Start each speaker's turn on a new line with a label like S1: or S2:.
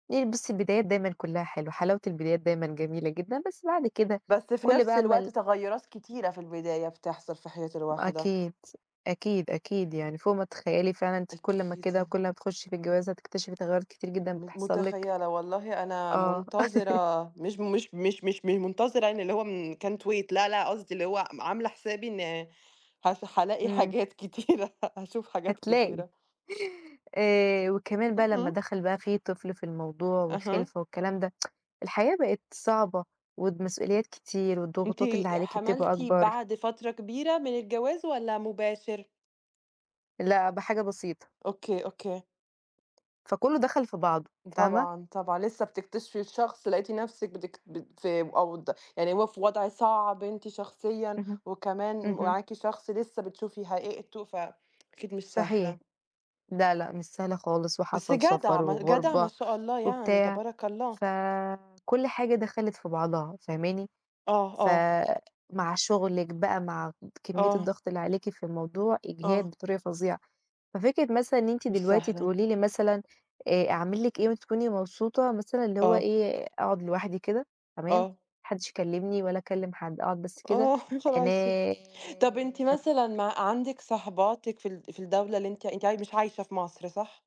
S1: آآ، بُصي البدايات دايمًا كلّها حلوة. حلاوة البدايات دايمًا جميلة جدًا. بس بعد كده،
S2: بس في
S1: كل
S2: نفس
S1: بقى ما
S2: الوقت،
S1: ال
S2: تغيُّرات كتيرة في البداية بتحصل في حياة الواحدة.
S1: أكيد، أكيد، أكيد. يعني فوق ما تتخيلي فعلًا، أنتِ كل ما كده،
S2: أكيد.
S1: كل ما تخشي في الجواز هتكتشفي تغيرات كتيرة جدًا
S2: م
S1: بتحصل لِك.
S2: متخيِّلة، والله أنا
S1: آه.
S2: منتظِرة، مش مش مش مش مش منتظرة يعني، اللي هو من can't wait. لا، لأ، قصدي اللي هو م عامِلة حسابي إن ه هالاقي
S1: إمم.
S2: حاجات كتيرة، هاشوف حاجات
S1: هتلاقي.
S2: كتيرة.
S1: آآ، وكمان بقى لمّا
S2: اهم.
S1: دخل بقى في طفل في الموضوع
S2: أها.
S1: والخلفة والكلام ده، الحياة بقت صعبة، والمسئوليات كتير
S2: أنتِ
S1: والضغوطات اللي عليكِ بتبقى
S2: حملتِ
S1: أكبر.
S2: بعد فترة كبيرة من الجواز والَّا مباشر؟
S1: لأ، بحاجة بسيطة.
S2: أوكي، أوكي.
S1: فكلّه دخل في بعضه، فاهمة؟
S2: طبعًا، طبعًا لسة بتكتشفي الشخص لقيتِ نفسك بتكت بت آآ، أوض يعني هو في وضع صعب أنتِ شخصيًا
S1: اهم،
S2: وكمان
S1: اهم.
S2: معاكِ شخص لسة بتشوفي حقيقته، فأكيد مش
S1: صحيح.
S2: سهلة.
S1: لأ، لأ، مش سهلة خالص،
S2: بس
S1: وحصل
S2: جدعة،
S1: سفَر
S2: ما جدعة، ما
S1: وغربة
S2: شاء الله يعني،
S1: وبتاع،
S2: تبارك الله.
S1: فكل حاجة دخلِت في بعضها، فاهماني؟
S2: آه،
S1: ف
S2: آه.
S1: مع شغلِك بقى، مع كمِّية
S2: آه.
S1: الضغط اللي عليكِ في الموضوع، إجهاد
S2: آه.
S1: بطريقة فظيعة. ففكرة مثلًا إن أنتِ
S2: مش
S1: دلوقتي
S2: سهلة.
S1: تقولي لي مثلًا، آآ، "أعمل لِك إيه وتكوني مبسوطة؟" مثلًا اللي هو
S2: آه.
S1: إيه، آآ أقعد لوحدي كده، تمام؟ ما
S2: آه.
S1: حدِّش يكلِّمني ولا أكلِّم حد، أقعد بس كده.
S2: آه، يا خلاصي! طب أنتِ
S1: أنام.
S2: مثلًا مع عندِك صاحباتِك في ال في الدولة اللي أنتِ أنتِ مش عايشة في مصر، صح؟